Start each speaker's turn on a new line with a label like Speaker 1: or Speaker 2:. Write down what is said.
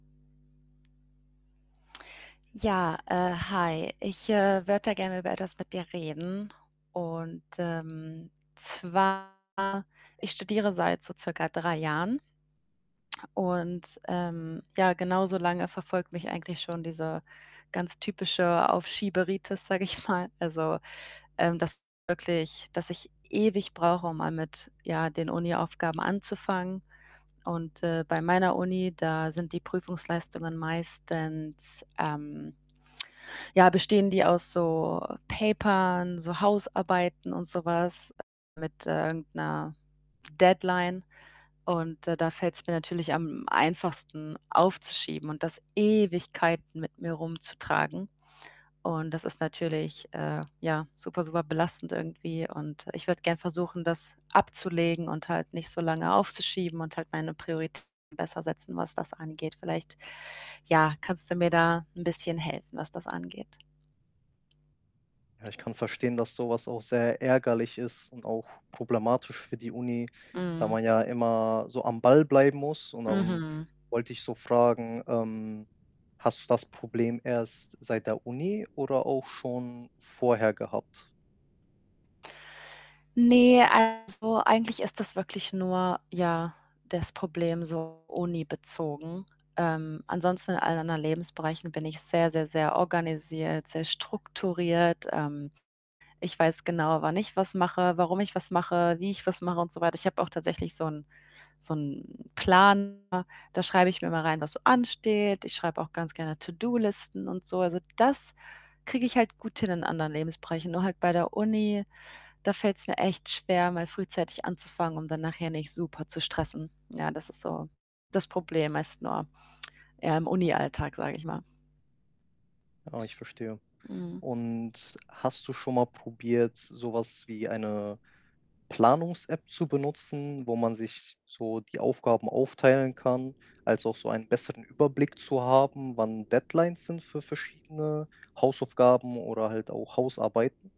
Speaker 1: Ja, äh, hi, ich, äh, würde da gerne über etwas mit dir reden, und, ähm, zwar: Ich studiere seit so circa 3 Jahren und, ähm, ja, genauso lange verfolgt mich eigentlich schon diese ganz typische Aufschieberitis, sage ich mal. Also, ähm, dass wirklich dass ich ewig brauche, um mal mit, ja, den Uniaufgaben anzufangen. Und, äh, bei meiner Uni, da sind die Prüfungsleistungen meistens ähm, ja, bestehen die aus so Papern, so Hausarbeiten und so was mit, äh, irgend 'ner Deadline. Und, äh, da fällt's mir natürlich am einfachsten aufzuschieben und das Ewigkeiten mit mir rumzutragen. Und das ist natürlich, äh, ja, super, super belastend irgendwie und ich würde gern versuchen, das abzulegen und halt nicht so lange aufzuschieben und halt meine Prioritäten besser setzen, was das angeht. Vielleicht, ja, kannst du mir da 'n bisschen helfen, was das angeht?
Speaker 2: Ja, ich kann verstehen, dass so was auch sehr ärgerlich ist und auch problematisch für die Uni, da
Speaker 1: Mhm.
Speaker 2: man ja immer so am Ball bleiben muss. Und dann
Speaker 1: Mhm.
Speaker 2: wollte ich so fragen, ähm, hast du das Problem erst seit der Uni oder auch schon vorher gehabt?
Speaker 1: Ne, also, eigentlich ist das wirklich nur, ja, das Problem so unibezogen. Ähm, ansonsten, in allen anderen Lebensbereichen, bin ich sehr, sehr, sehr organisiert, sehr strukturiert. Ähm, ich weiß genau, wann ich was mache, warum ich was mache, wie ich was mache und so weiter. Ich habe auch tatsächlich so 'n so 'n Planer, da schreibe ich mir immer rein, was so ansteht. Ich schreibe auch ganz gerne To-do-Listen und so. Also, das kriege ich halt gut hin in anderen Lebensbereichen. Nur halt bei der Uni, da fällt's mir echt schwer, mal frühzeitig anzufangen, um dann nachher nicht super zu stressen. Ja, das ist so das Problem meist nur, ja, im Unialltag, sage ich mal.
Speaker 2: Ah, ich verstehe.
Speaker 1: Mhm.
Speaker 2: Und hast du schon mal probiert, so was wie eine Planungs-App zu benutzen, wo man sich so die Aufgaben aufteilen kann, also, auch so einen besseren Überblick zu haben, wann Deadlines sind für verschiedene Hausaufgaben oder halt auch Hausarbeiten?